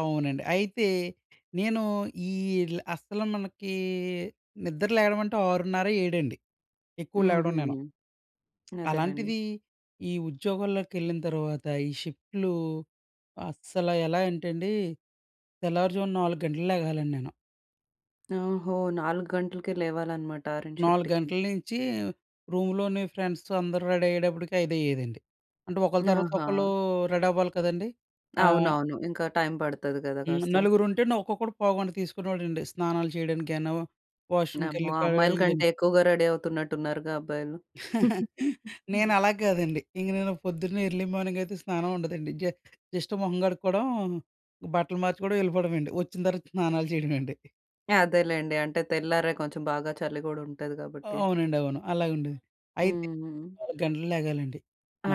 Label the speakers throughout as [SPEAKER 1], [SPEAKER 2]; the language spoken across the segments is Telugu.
[SPEAKER 1] అవునండి. అయితే నేను ఈల్ అస్సల మనకీ నిద్ర లేగడం అంటే 6:30 ఏడండి ఎక్కువ లేగడం
[SPEAKER 2] హుహు.
[SPEAKER 1] నేను.
[SPEAKER 2] అదేలేండి.
[SPEAKER 1] అలాంటిది ఈ ఉద్యోగంలోకెళ్ళిన తర్వాత ఈ షిప్ట్‌లు అస్సల ఎలా అంటండి తెల్లవారుజామున 4 గంటలకు లేగాలండి నేను...
[SPEAKER 2] ఓహో! 4 గంటలకే లేవాలనమాట ఆరింటి
[SPEAKER 1] 4
[SPEAKER 2] షిఫ్ట్‌కి.
[SPEAKER 1] గంటల నుంచి రూమ్‌లోనే ఫ్రెండ్స్‌తో అందరూ రెడీ అయ్యేటప్పడికి ఐదయ్యేదండి. అంటే ఒకళ్లు తర్వాత ఒకళ్ళూ
[SPEAKER 2] ఆహా!
[SPEAKER 1] రెడవ్వాలి కదండీ ఆహ్
[SPEAKER 2] అవునవును. ఇంకా టైమ్ పడతది గదా!
[SPEAKER 1] హ్మ్.
[SPEAKER 2] కాస్త.
[SPEAKER 1] నలుగురుంటేనే ఒక్కొక్కడు పోవుగంట తీసుకునేవాడండి. స్నానాలు చేయడానికైనా
[SPEAKER 2] నెమ్మో!
[SPEAKER 1] వాష్‌రూ‌మ్‌కెళ్ళి కడా
[SPEAKER 2] అమ్మాయిల కంటే
[SPEAKER 1] ఇయాన్ని.
[SPEAKER 2] ఎక్కువగా రెడీ అవుతున్నట్టు ఉన్నారుగా అబ్బాయిలు.
[SPEAKER 1] నేను అలా గ్గాదండి. ఇంక నేను పొద్దున్నే ఎర్‌లీ మార్నింగ్ అయితే స్నానం ఉండదండి. జ జస్ట్ మొహం గడుక్కోవడం, బట్టలు మార్చుకోవడం ఎళ్ళిపోవడమేండి. వచ్చిన తర్వాత స్నానాలు చేయడమేండి.
[SPEAKER 2] అదేలేండి. అంటే తెల్లారే కొంచెం బాగా చలి గూడా ఉంటది గాబట్టి.
[SPEAKER 1] అవునండి. అవును. అలాగుండే. అయితే
[SPEAKER 2] హుహు.
[SPEAKER 1] 4 గంటలు లెగాలండి.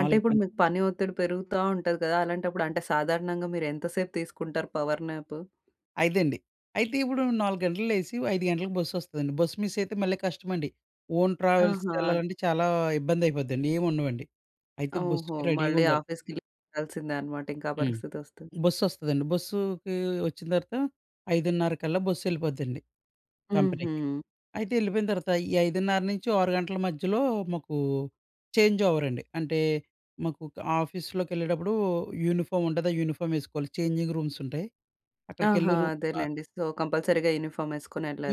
[SPEAKER 2] అంటే ఇప్పుడు
[SPEAKER 1] గంటలు
[SPEAKER 2] మీకు పని ఒత్తిడి పెరుగుతా ఉంటది గదా! అలాంటప్పుడు అంటే సాధారణంగా మీరు ఎంత సేపు తీసుకుంటారు పవర్ న్యాపు?
[SPEAKER 1] ఐదండి. అయితే ఇప్పుడు 4 గంటలకు లేసి 5 గంటలకు బస్సొస్తదండి. బస్ మిస్సయితే మళ్ళీ కష్టమండి. ఓన్
[SPEAKER 2] ఆహా!
[SPEAKER 1] ట్రావెల్స్‌కెళ్ళాలంటే చాలా ఇబ్బందయిపోద్దండి ఏమి ఉండవండి. అయితే
[SPEAKER 2] ఓహో!
[SPEAKER 1] బస్సుకి
[SPEAKER 2] మళ్ళీ
[SPEAKER 1] రెడీగుండాలి.
[SPEAKER 2] ఆఫీస్‌కి లీవ్ పెట్టాల్సిందే అనమాట. ఇంక ఆ
[SPEAKER 1] హ్మ్.
[SPEAKER 2] పరిస్థితొస్తే.
[SPEAKER 1] బస్సొస్తదండి. బస్సుకీ వచ్చిన తర్వాత 5:30 కల్లా బస్సెళ్ళిపోద్దండి కంపెనీకి.
[SPEAKER 2] హుహు.
[SPEAKER 1] అయితే ఎళ్ళిపోయిన తర్వాత ఈ 5:30 నుంచి ఓ 6 గంటల మధ్యలో మాకు చేంజ్ ఓవర్ అండి. అంటే మాకు ఆఫీస్‌లోకెళ్ళేటప్పుడు యూనిఫామ్ ఉంటది. ఆ యూనిఫార్మ్ వేసుకోవాలి. చేంజింగ్ రూమ్స్ ఉంటాయి.
[SPEAKER 2] ఆహా!
[SPEAKER 1] అక్కడికెళ్లి రూ ఆహ్
[SPEAKER 2] అదేలేండి. సో కంపల్సరీ‌గా యూనిఫార్మ్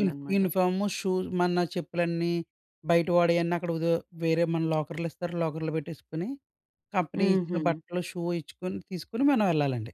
[SPEAKER 1] యూ యూనిఫాము, షూ మన చెప్పులన్నీ బయట వాడేయన్నీ అక్కడ ఒదె వేరే మన లాకర్‌లిస్తారు. లాకర్‌లో పెట్టేసుకొని కంపెనీ ఇచ్చిన
[SPEAKER 2] హుహు.
[SPEAKER 1] బట్టలు, షూ ఇచ్చుకుని తీసుకుని మనం వెళ్ళాలండి.